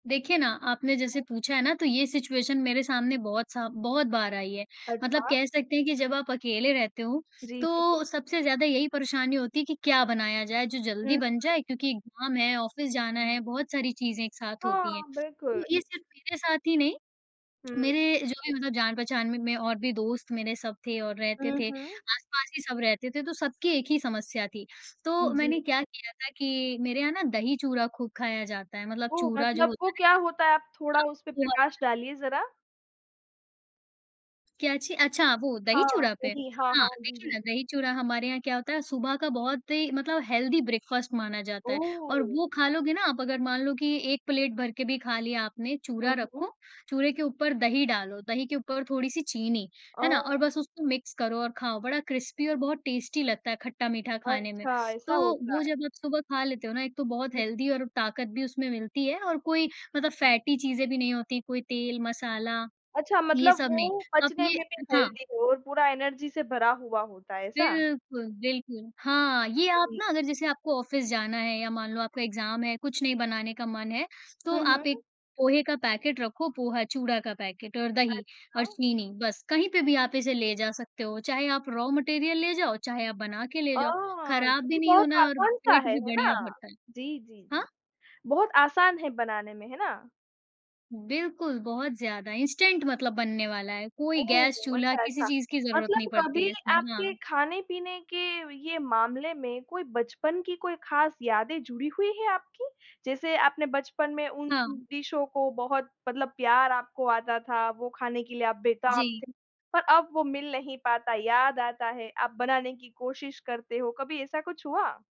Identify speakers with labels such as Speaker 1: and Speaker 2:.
Speaker 1: देखिए ना, आपने जैसे
Speaker 2: हुँ।
Speaker 1: पूछा है ना तो ये सिचुएशन मेरे सामने बहुत सा बहुत बार आई है। मतलब
Speaker 2: अच्छा।
Speaker 1: कह सकते हैं कि जब आप अकेले रहते हो
Speaker 2: जी, जी।
Speaker 1: तो सबसे ज़्यादा यही परेशानी होती है कि क्या बनाया जाए, जो
Speaker 2: हुँ,
Speaker 1: जल्दी
Speaker 2: हुँ।
Speaker 1: बन जाए क्योंकि एग्जाम है, ऑफिस जाना है, बहुत सारी चीज़ें एक साथ
Speaker 2: हाँ,
Speaker 1: होती है।
Speaker 2: बिल्कुल।
Speaker 1: तो ये सिर्फ मेरे साथ ही नहीं,
Speaker 2: हुँ।
Speaker 1: मेरे जो भी मतलब जान-पहचान में में और भी दोस्त मेरे सब थे और रहते
Speaker 2: हुँ,
Speaker 1: थे।
Speaker 2: हुँ।
Speaker 1: आस-पास ही सब रहते थे तो सबकी एक ही समस्या थी, तो
Speaker 2: जी।
Speaker 1: मैंने क्या किया था कि मेरे यहाँ ना दही चूरा खूब खाया जाता है मतलब
Speaker 2: ओह!
Speaker 1: चूरा जो
Speaker 2: मतलब
Speaker 1: होता
Speaker 2: वो
Speaker 1: है ना
Speaker 2: क्या होता है आप थोड़ा उसपे
Speaker 1: जिस हाँ, वो
Speaker 2: प्रकाश
Speaker 1: वाला।
Speaker 2: डालिए ज़रा।
Speaker 1: क्या अच्छी? अच्छा, वो दही
Speaker 2: हाँ,
Speaker 1: चूरा पे।
Speaker 2: वही। हाँ,
Speaker 1: हाँ,
Speaker 2: हाँ। जी,
Speaker 1: देखिए
Speaker 2: जी।
Speaker 1: ना दही चूरा हमारे यहाँ क्या होता है, सुबह का बहुत ही मतलब हेल्दी ब्रेकफास्ट माना जाता है और
Speaker 2: ओह!
Speaker 1: वो खा लोगे ना आप अगर, मान लो की एक प्लेट भर के भी खा लिया आपने
Speaker 2: हुँ,
Speaker 1: चूरा
Speaker 2: हुँ।
Speaker 1: रखो, चूरे के ऊपर दही डालो, दही के ऊपर थोड़ी-सी चीनी, है ना? और
Speaker 2: ओह!
Speaker 1: बस उसको मिक्स करो और खाओ। बड़ा क्रिस्पी और बहुत टेस्टी लगता है खट्टा-मीठा खाने में।
Speaker 2: अच्छा,
Speaker 1: तो
Speaker 2: ऐसा होता
Speaker 1: वो
Speaker 2: है।
Speaker 1: जब आप सुबह खा लेते हो ना एक तो बहुत
Speaker 2: हुँ।
Speaker 1: हेल्दी और ताकत भी उसमें मिलती है और कोई मतलब फैटी चीज़ें भी नहीं होती, कोई तेल मसाला।
Speaker 2: अच्छा,
Speaker 1: ये
Speaker 2: मतलब
Speaker 1: सब नहीं।
Speaker 2: वो
Speaker 1: अब
Speaker 2: पचने
Speaker 1: ये
Speaker 2: में भी
Speaker 1: हाँ।
Speaker 2: हेल्दी हो और पूरा एनर्जी से भरा हुआ होता है, ऐसा?
Speaker 1: बिल्कुल, बिल्कुल। हाँ, ये आप
Speaker 2: जी।
Speaker 1: ना अगर जैसे आपको ऑफिस जाना है या मान लो आपका एग्जाम है, कुछ नहीं बनाने का मन है
Speaker 2: हुँ,
Speaker 1: तो आप
Speaker 2: हुँ।
Speaker 1: एक पोहे का पैकेट रखो पोहा, चूड़ा का पैकेट और दही और
Speaker 2: अच्छा।
Speaker 1: चीनी बस, कहीं पे भी आप इसे ले जा सकते हो, चाहे आप रॉ मटीरियल ले जाओ, चाहे आप बना के ले जाओ,
Speaker 2: आह! ये
Speaker 1: खराब भी
Speaker 2: तो
Speaker 1: नहीं
Speaker 2: बहुत
Speaker 1: होना है और
Speaker 2: आसान सा
Speaker 1: पेट
Speaker 2: है,
Speaker 1: भी
Speaker 2: है
Speaker 1: बढ़िया
Speaker 2: ना?
Speaker 1: भरता है।
Speaker 2: जी, जी,
Speaker 1: हाँ?
Speaker 2: जी। बहुत आसान है बनाने में, है ना?
Speaker 1: बिल्कुल, बहुत ज़्यादा, इंस्टेंट मतलब बनने वाला है। कोई
Speaker 2: ओह!
Speaker 1: गैस-चूल्हा किसी
Speaker 2: अच्छा-अच्छा।
Speaker 1: चीज़ की जरूरत नहीं
Speaker 2: मतलब
Speaker 1: पड़ती
Speaker 2: कभी
Speaker 1: है इसमें,
Speaker 2: आपके
Speaker 1: हाँ।
Speaker 2: खाने-पीने के ये मामले में कोई बचपन की कोई खास यादें जुड़ी हुई है आपकी? जैसे आपने बचपन में उन
Speaker 1: हाँ।
Speaker 2: डिशों को बहुत मतलब प्यार आपको आता था वो खाने के लिए आप बेताब
Speaker 1: जी।
Speaker 2: थे, पर अब वो मिल नहीं पाता, याद आता है, आप बनाने की कोशिश करते हो। कभी ऐसा कुछ हुआ?